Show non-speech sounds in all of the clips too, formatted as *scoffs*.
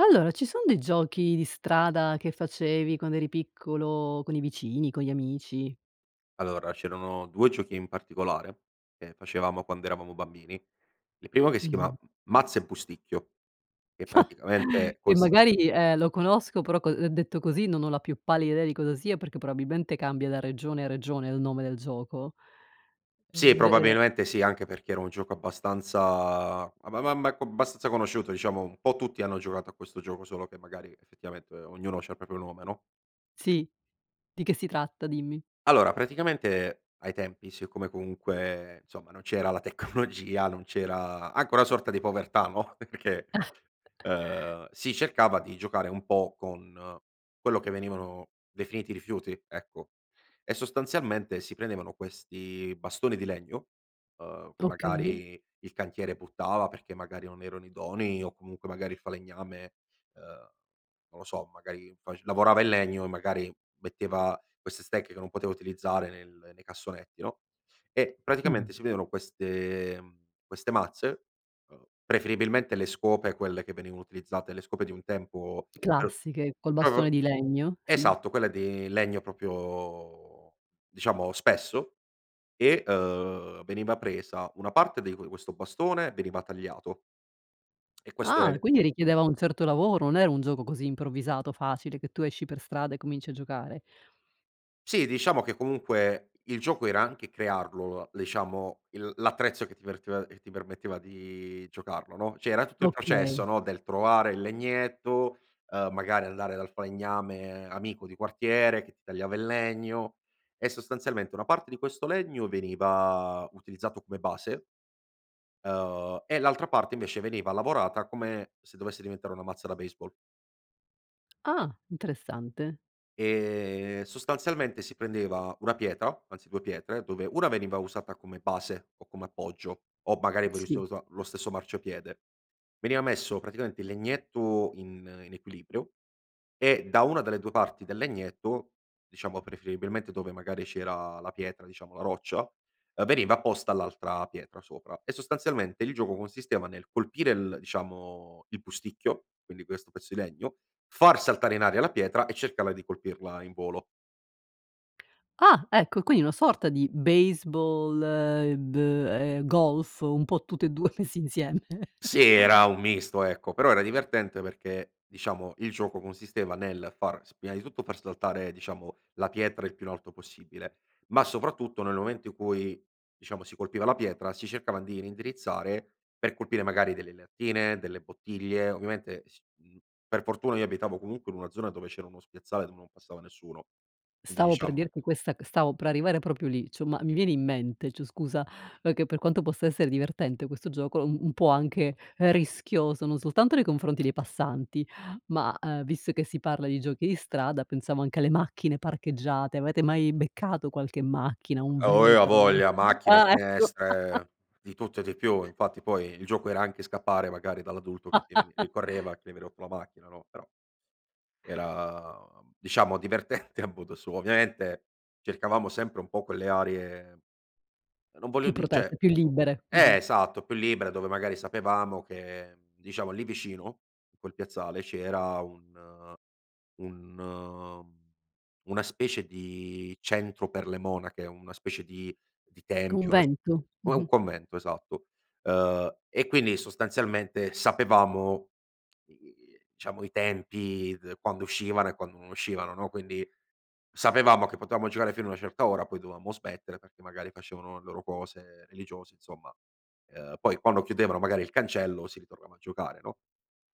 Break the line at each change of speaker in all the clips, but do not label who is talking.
Allora ci son dei giochi di strada che facevi quando eri piccolo con i vicini, con gli amici?
Allora, c'erano 2 giochi in particolare che facevamo quando eravamo bambini. Il primo che si chiama
Mh-mh.
Mazza e Pusticchio, che
*laughs*
praticamente
E
consi
magari, ehm, lo conosco però co ehm, detto così non ho la più pallida idea di cosa sia, perché probabilmente cambia da regione a regione il nome del gioco.
Sì,
Ehm, re er
probabilmente sì, anche perché era un gioco abbastanza a ma ma ma co abbastanza conosciuto diciamo, un po' tutti hanno giocato a questo gioco solo che magari effettivamente ognuno c'ha il proprio nome, no?
Sì. Di che si tratta? Dimmi.
Allora, praticamente, ai tempi siccome comunque insomma, non c'era la tecnologia, non c'era anche una sorta di povertà, no, *giggles* perché,
*chuckles*
ehm, si cercava di giocare un po' con quello che venivano definiti rifiuti, ecco; e sostanzialmente si prendevano questi bastoni di legno, ehm, che
Okay.
magari il cantiere buttava perché magari non erano idonei o comunque magari il falegname, ehm, non lo so magari fac lavorava il legno, e magari metteva queste stecche che non poteva utilizzare nel nei cassonetti, no, e
Mh.
praticamente si vero queste, ehm queste mazze, ehm, preferibilmente le scope quelle che venivano utilizzate le scope di un tempo, per
Classiche col bastone
proprio
di legno, sì.
esatto quelle di legno proprio, diciamo spesso; e, ehm, veniva presa una parte di que questo bastone veniva tagliato *clicks tongue* e questo era
Ah,
il
quindi
e
richiedeva un certo lavoro, non era un gioco così improvvisato, facile che tu esci per strada e cominci a giocare.
Sì diciamo, che comunque il gioco era anche crearlo, l diciamo il l'attrezzo che ti perte che ti permetteva di giocarlo no; cioè era tutto il processo
Okay.
no, del trovare il legnetto, ehm, magari andare dal falegname amico di quartiere che ti tagliava il legno e sostanzialmente una parte di questo legno veniva utilizzato come base ehm, e l'altra parte invece veniva lavorata, come se dovesse diventare una mazza da baseball.
Ah. Interessante.
Ehm, sostanzialmente si prendeva una pietra, anzi 2 pietre dove una veniva usata come base, o come appoggio, o magari
Mh,
pure se
sì.
usa lo stesso marciapiede, veniva messo praticamente il legnetto in in equilibrio e da una delle 2 parti del legnetto, diciamo preferibilmente dove magari c'era la pietra diciamo la roccia, ehm, veniva posta all'altra pietra sopra, e sostanzialmente il gioco consisteva nel colpire il diciamo il Pusticchio, quindi questo pezzo di legno, far saltare in aria la pietra e cercarla di colpirla in volo.
Ah, ecco quindi una sorta di baseball, ehm, b ehm, golf un po' tutte e 2 messi insieme.
Sì era un misto ecco, però era divertente, perché diciamo il gioco consisteva nel far s prima di tutto far saltare diciamo la pietra il più in alto possibile, ma soprattutto, nel momento in cui diciamo si colpiva la pietra, si cercava di reindirizzare per colpire magari delle lattine, delle bottiglie; ovviamente s mhmm, per fortuna io abitavo comunque in una zona dove c'era uno spiazzale dove non passava nessuno; quindi
Stavo per
diciamo
dirti questa c stavo per arrivare proprio lì, cioè ma mi viene in mente cioè scusa, perché per quanto possa essere divertente questo gioco un un po' anche rischioso, non soltanto nei confronti dei passanti ma, ehm, visto che si parla di giochi di strada, pensavo anche alle macchine parcheggiate: avete mai beccato qualche macchina, un
Oh eh, ha
vetro?
voglia: macchine,
Ah, ecco. *scoffs*
finestre, di tutto e di più, infatti poi il gioco, era anche scappare magari dall'adulto che ti veni rincorreva
*scoffs*
che gli vi rotto la macchina no; però era diciamo divertente a modo suo. Ovviamente, cercavamo sempre un po' quelle aree, non voglio
Più
di
protette,
cioè
più libere.
eh
Mh-mh.
esatto, più libere, dove magari sapevamo che diciamo lì vicino, in quel piazzale, c'era un un una specie di centro per le monache, una specie di di tempio, las
Convento.
u ehm,
Mh-mh.
convento, esatto. Ehm, e quindi sostanzialmente sapevamo, uhm, i diciamo i tempi d quando uscivano e quando non uscivano no, quindi sapevamo che potevamo giocare fino a una certa ora, poi dovevamo smettere perché magari facevano le loro cose religiose, insomma; ehm, poi quando chiudevano magari il cancello si ritornava a giocare no.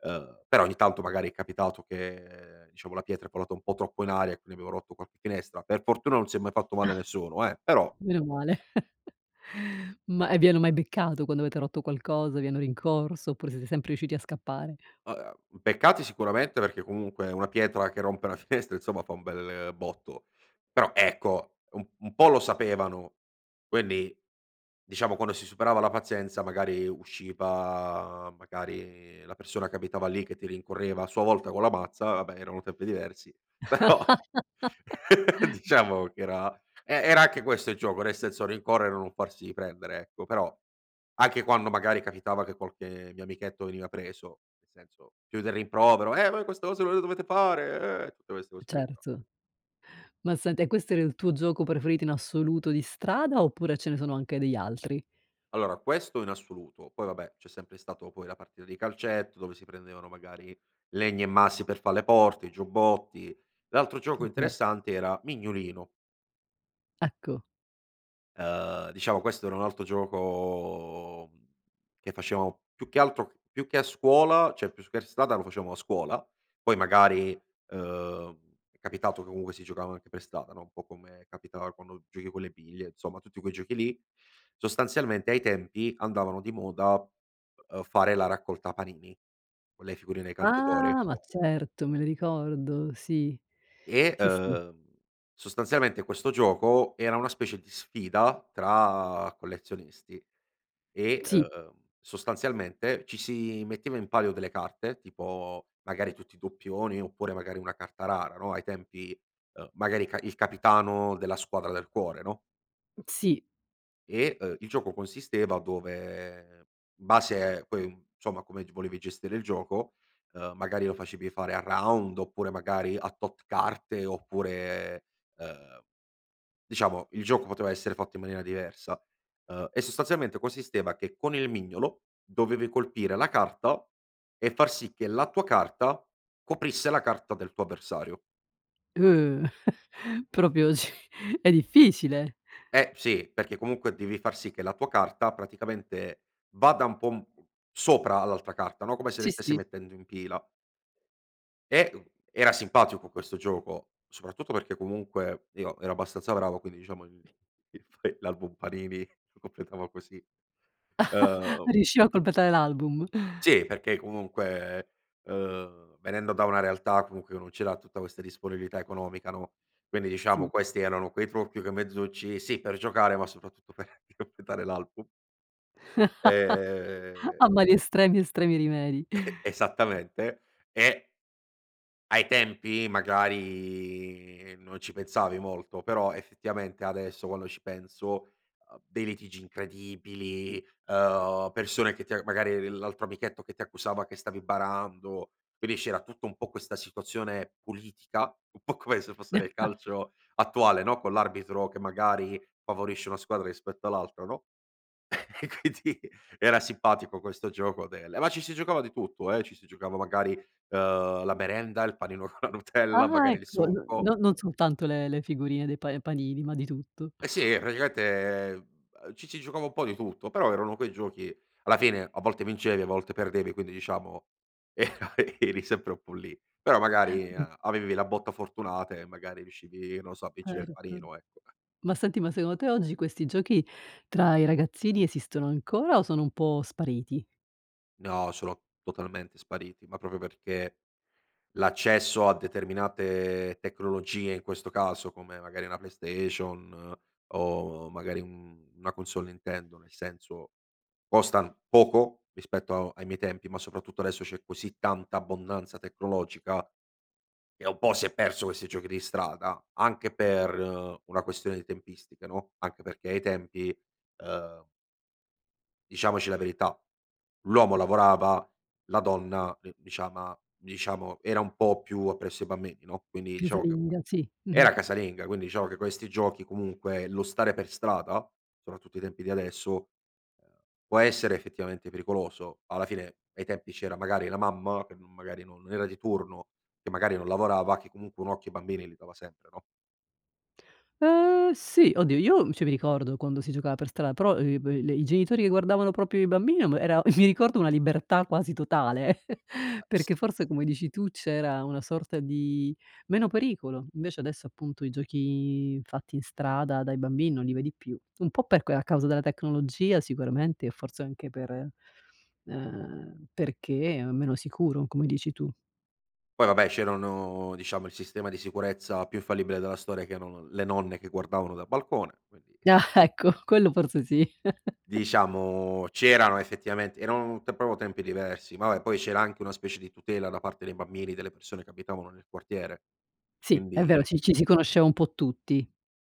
Ehm, però ogni tanto magari è capitato che diciamo la pietra è volata un po' troppo in aria, e quindi abbiamo rotto qualche finestra. Per fortuna non si è mai fatto male nessuno eh;
*sighs*
però
Meno male. *chuckles* Ma e vi hanno mai beccato? Quando avete rotto qualcosa, vi hanno rincorso oppure siete sempre riusciti a scappare?
A ehm, beccati sicuramente, perché comunque una pietra che rompe una finestra insomma fa un bel botto; però ecco un un po' lo sapevano, quindi diciamo quando si superava la pazienza, magari usciva magari la persona che abitava lì che ti rincorreva a sua volta con la mazza, vabbè erano tempi diversi però *laughs*
*laughs*
diciamo che era e era anche questo il gioco, nel senso rincorrere non farsi prendere, ecco. Però anche quando magari capitava che qualche mio amichetto veniva preso, senso, più del rimprovero: "Eh voi queste cose non le dovete fare eh!" Tutte queste cose qui, no.
Certo. Ma senti, e questo era il tuo gioco preferito in assoluto di strada, oppure ce ne sono anche degli altri?
Allora, questo in assoluto, poi vabbè c'è sempre stato poi la partita di calcetto, dove si prendevano magari legni e massi per far le porte, giubbotti; l'altro
Sì
gioco
cer
interessante era Mignolino.
Ecco.
Ehm, diciamo questo era un altro gioco, mhmm, che facevo più che altro più che a scuola cioè più che strada lo facemo a scuola, poi magari, ehm, è capitato che comunque si giocavano anche per strada no, un po' come capitava quando giochi con le biglie, insomma tutti quei giochi lì. Sostanzialmente ai tempi andavano di moda, ehm, fare la raccolta panini con le figurine dei calciatori
Ah! ma certo me li ricordo sì.
e,
Sì, sì.
ehm, sostanzialmente questo gioco era una specie di sfida tra collezionisti e,
Sì.
ehm, sostanzialmente ci si metteva in palio delle carte, tipo magari tutti i doppioni, oppure magari una carta rara no, ai tempi, ehm, magari il ca il capitano della squadra del cuore no
Mh, sì.
e, ehm, il gioco consisteva dove in base a quei insomma come gr volevi gestire il gioco, ehm, magari lo facevi fare a round oppure magari a tot carte oppure, ehm diciamo il gioco poteva essere fatto in maniera diversa. Ehm, e sostanzialmente consisteva che con il mignolo, dovevi colpire la carta, e far sì che la tua carta coprisse la carta del tuo avversario.
*gasps* *chuckles* Proprio cioè è difficile.
Eh sì, perché comunque devi far sì che la tua carta praticamente vada un po' un po' sopra all'altra carta no, come se le
Sì,
stesse
sì.
mettendo in pila. E, uhm, era simpatico questo gioco, soprattutto perché comunque io ero abbastanza bravo quindi diciamo il il l'album panini si completava così.
*laughs*
Ehm
Riusciva a completare l'album?
Sì perché comunque, ehm, venendo da una realtà comunque che non c'era tutta questa disponibilità economica no, quindi diciamo
Sì.
questi erano quei trucchi, quei mezzucci, sì per giocare ma soprattutto per completare l'album.
*laughs*
Ehm
A mali estremi, estremi rimedi.
E esattamente. E ai tempi magari, ehm, non ci pensavi molto, però effettivamente adesso quando ci penso, uhm, dei litigi incredibili, ehm, persone che ti a magari l'altro amichetto che ti accusava che stavi barando, quindi c'era tutta un po' questa situazione politica un po' come se fosse nel
*laughs*
calcio attuale no, con l'arbitro che magari favorisce una squadra rispetto all'altra no, e quindi era simpatico questo gioco del ma ci si giocava di tutto eh, ci si giocava magari, ehm, la merenda, il panino con la Nutella,
Ah,
magari il
ecco no
succo.
non non soltanto le le figurine dei pa panini ma di tutto.
E sì eh, praticamente, ehm, ci si giocava un po' di tutto, però erano quei giochi alla fine a volte vincevi, a volte perdevi, quindi diciamo era eri sempre un po' lì. Però magari
Mh.
a avevi la botta fortunata, e magari riuscivi non so, a vincere il
Certo.
panino, ecco.
Ma senti, ma secondo te oggi questi giochi tra i ragazzini esistono ancora o sono un po' spariti?
No sono, totalmente spariti, ma proprio perché l'accesso a determinate tecnologie, in questo caso come magari una PlayStation, o magari un una console Nintendo, nel senso, costan poco rispetto ai miei tempi, ma soprattutto adesso c'è così tanta abbondanza tecnologica, che un po' si è perso questi giochi di strada, anche per una questione di tempistica no, anche perché ai tempi ehm diciamoci la verità, l'uomo lavorava, la donna diciama diciamo era un po' più, appresso ai bambini no. Quindi diciamo che,
Casalinga, sì mh-mh.
era casalinga, quindi diciamo che questi giochi, comunque lo stare per strada soprattutto ai tempi di adesso, ehm, può essere effettivamente pericoloso, alla fine ai tempi c'era magari la mamma, che magari non era di turno, che magari non lavorava, che comunque un occhio ai bambini li dava sempre no.
Ehm, sì oddio io cioè mi ricordo quando si giocava per stra però, uhm, le i genitori che guardavano proprio i bambini era mi ricordo una libertà quasi totale *chuckles*
*sneezes*
perché forse come dici tu c'era una sorta di, meno pericolo invece adesso, appunto i giochi fatti in strada dai bambini non li vedi più un po' per a causa della tecnologia sicuramente e forse anche per, ehm, perché è meno sicuro, come dici tu.
Poi vabbè, c'erano diciamo il sistema di sicurezza più infallibile della storia, che erano le nonne, che guardavano dal balcone quindi
Ah ecco quello forse sì. *chuckles*
Diciamo c'erano effettivamente erano proprio tempi diversi, ma vabbè poi c'era anche una specie di tutela da parte dei bambini, delle persone che abitavano nel quartiere
Sì, è vero,
quindi
ci ci si conosceva un po' tutti.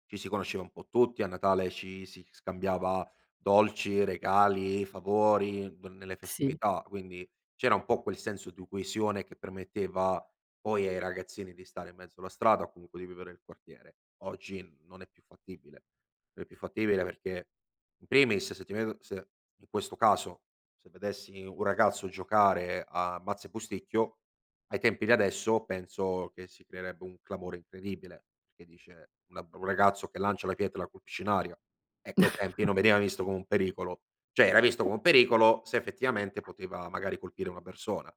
ci si conosceva un po' tutti, a Natale ci si scambiava dolci, regali, favori n nelle
Sì.
festività. Quindi c'era un po' quel senso di coesione, che permetteva poi ai ragazzini di stare in mezzo alla strada o comunque di vivere il quartiere. Oggi non è più fattibile. Non è più fattibile, perché in primis se ti vedo se in questo caso, se vedessi un ragazzo giocare a Mazza e Busticchio ai tempi di adesso, penso che si creerebbe un clamore incredibile, perché dice una un ragazzo che lancia la pietra e la colpisce in aria, ecco ai tempi
*chuckles*
non veniva visto come un pericolo, cioè era visto
*unintelligible*
come un pericolo, se effettivamente poteva magari colpire una persona.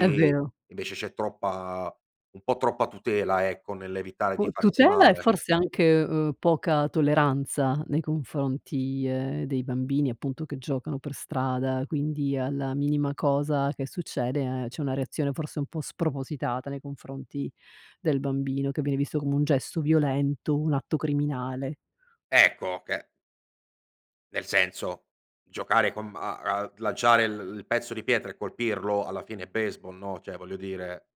È vero.
invece c'è troppa un po' troppa tutela, ecco nell'evitare di
U
farsi
tutela, e
male.
forse anche, ehm, poca tolleranza nei confronti, ehm, dei bambini appunto che giocano per strada, quindi alla minima cosa che succede, c'è una reazione forse un po' spropositata nei confronti del bambino che viene visto come un gesto violento, un atto criminale.
Ecco che nel senso giocare con m a lanciare l il pezzo di pietra e colpirlo alla fine è baseball no, cioè voglio dire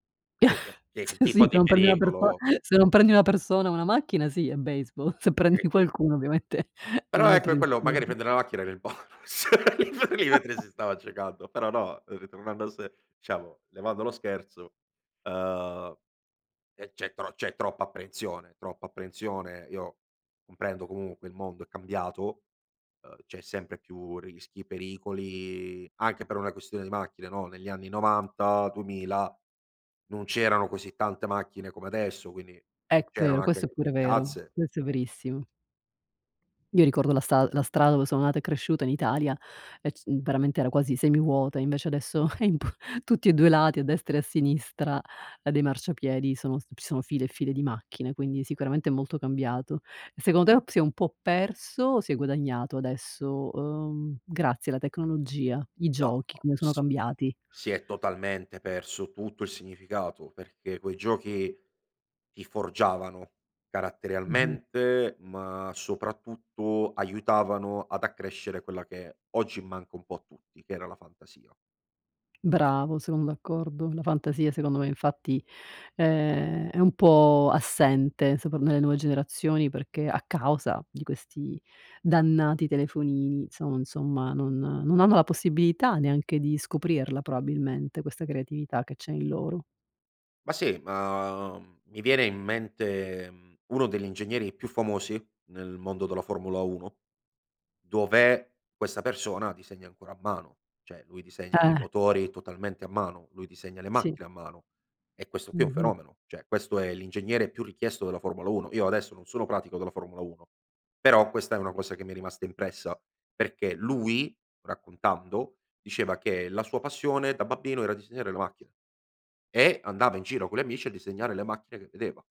che
*giggles*
che
Sì, se
tipo di
non prendi una perso
pericolo
se non prendi una persona o una macchina, sì è baseball, se prendi
*unintelligible*
qualcuno, ovviamente è un
Però ecco,
altro
è quello magari
*unintelligible*
prendere la macchina era il bonus poi lì mentre
*chuckles*
si stava giocando, però no, ritornando a se diciamo levando lo scherzo, ehm, eh, c'è tro c'è troppa apprensione, troppa apprensione, io comprendo comunque il mondo è cambiato, uhm, c'è sempre più rischi, pericoli, anche per una questione di macchine no. Negli anni 90 2000 non c'erano così tante macchine come adesso, quindi
È vero,
c'erano
questo è
anche
pure
più
vero,
piazze.
questo è verissimo. Mi ricordo la sta la strada dove sono nata e cresciuta in Italia e c veramente era quasi semivuota, e invece adesso è impo tutti e 2 lati a destra e a sinistra dei marciapiedi sono ci sono file e file di macchine, quindi sicuramente è molto cambiato. E secondo te si è un po' perso, o si è guadagnato adesso, uhm, grazie alla tecnologia, i
No,
giochi, come sono
s
cambiati?
si è totalmente perso tutto il significato, perché quei giochi ti forgiavano,
Mh-mh.
caratterialmente, ma soprattutto aiutavano ad accrescere quella che oggi manca un po' a tutti, che era la fantasia.
Bravo, sono d'accordo, la fantasia secondo me infatti, ehm, è un po' assente, so per me nelle nuove generazioni, perché a causa di questi dannati telefonini, inso insomma non non hanno la possibilità, neanche di scoprirla probabilmente questa creatività che c'è in loro.
Ma sì, ma, mhmm, mi viene in mente, mhmm, uno degli ingegneri più famosi nel mondo della Formula Uno, dov'è questa persona disegna ancora a mano, cioè lui disegna i
Eh.
motori totalmente a mano, lui disegna le
Sì.
macchine a mano e questo qui è un
Mh-mh.
fenomeno, cioè questo è l'ingegnere più richiesto della Formula Uno, io adesso non sono pratico della Formula Uno, però questa è una cosa che mi è rimasta impressa, perché lui raccontando, diceva che la sua passione da babbino era disegnare le macchine, e andava in giro con gli amici a disegnare le macchine che vedeva.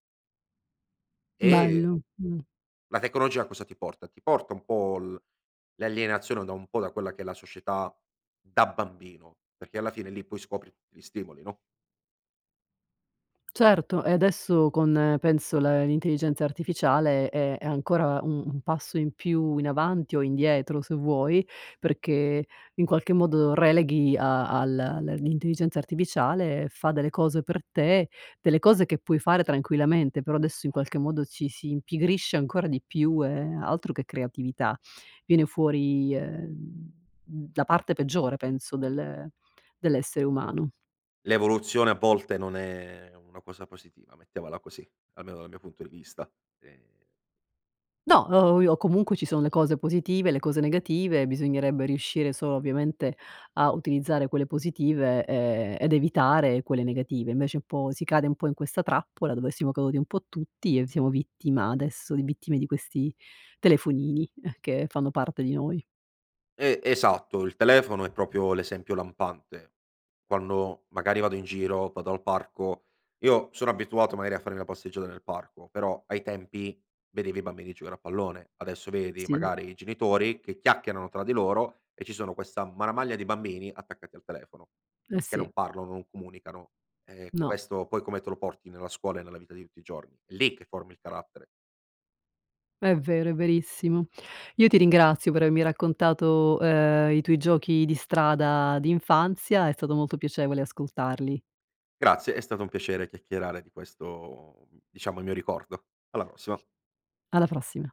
E
Bello, mh.
la tecnologia a cosa ti porta? Ti porta un po' l l'alienazione da un po' da quella che è la società da bambino, perché alla fine lì poi scopri tutti gli stimoli no?
Certo, e adesso con penso l l'intelligenza artificiale, è è ancora un un passo in più in avanti o indietro se vuoi, perché in qualche modo releghi a al l'intelligenza artificiale fa delle cose per te, delle cose che puoi fare tranquillamente, però adesso in qualche modo, ci si impigrisce ancora di più e altro che creatività, viene fuori, ehm, la parte peggiore penso del dell'essere umano.
L'evoluzione, a volte non è una cosa positiva, mettiamola così almeno dal mio punto di vista, ehm
No, o i comunque ci sono le cose positive, le cose negative, bisognerebbe riuscire solo ovviamente a utilizzare quelle positive, e ed evitare quelle negative, invece un po' si cade un po' in questa trappola dove siamo caduti un po' tutti, e siamo vittima adesso di vittime di questi telefonini, che fanno parte di noi.
E esatto, il telefono è proprio l'esempio lampante, quando magari vado in giro vado al parco io sono abituato magari a farmi la passeggiata nel parco, però ai tempi vedevi i bambini giocare a pallone, adesso vedi
Sì.
magari i genitori che chiacchierano tra di loro, e ci sono questa marmaglia di bambini attaccati al telefono,
Eh
che non
sì.
parlano, non comunicano. Eh
No.
questo, poi come te lo porti nella scuola e nella vita di tutti i giorni? È lì che formi il carattere.
È vero, è verissimo. Io ti ringrazio per avermi raccontato, ehm, i tuoi giochi di strada d'infanzia, è stato molto piacevole ascoltarli.
Grazie, è stato un piacere chiacchierare di questo diciamo il mio ricordo, alla prossima.
Alla prossima.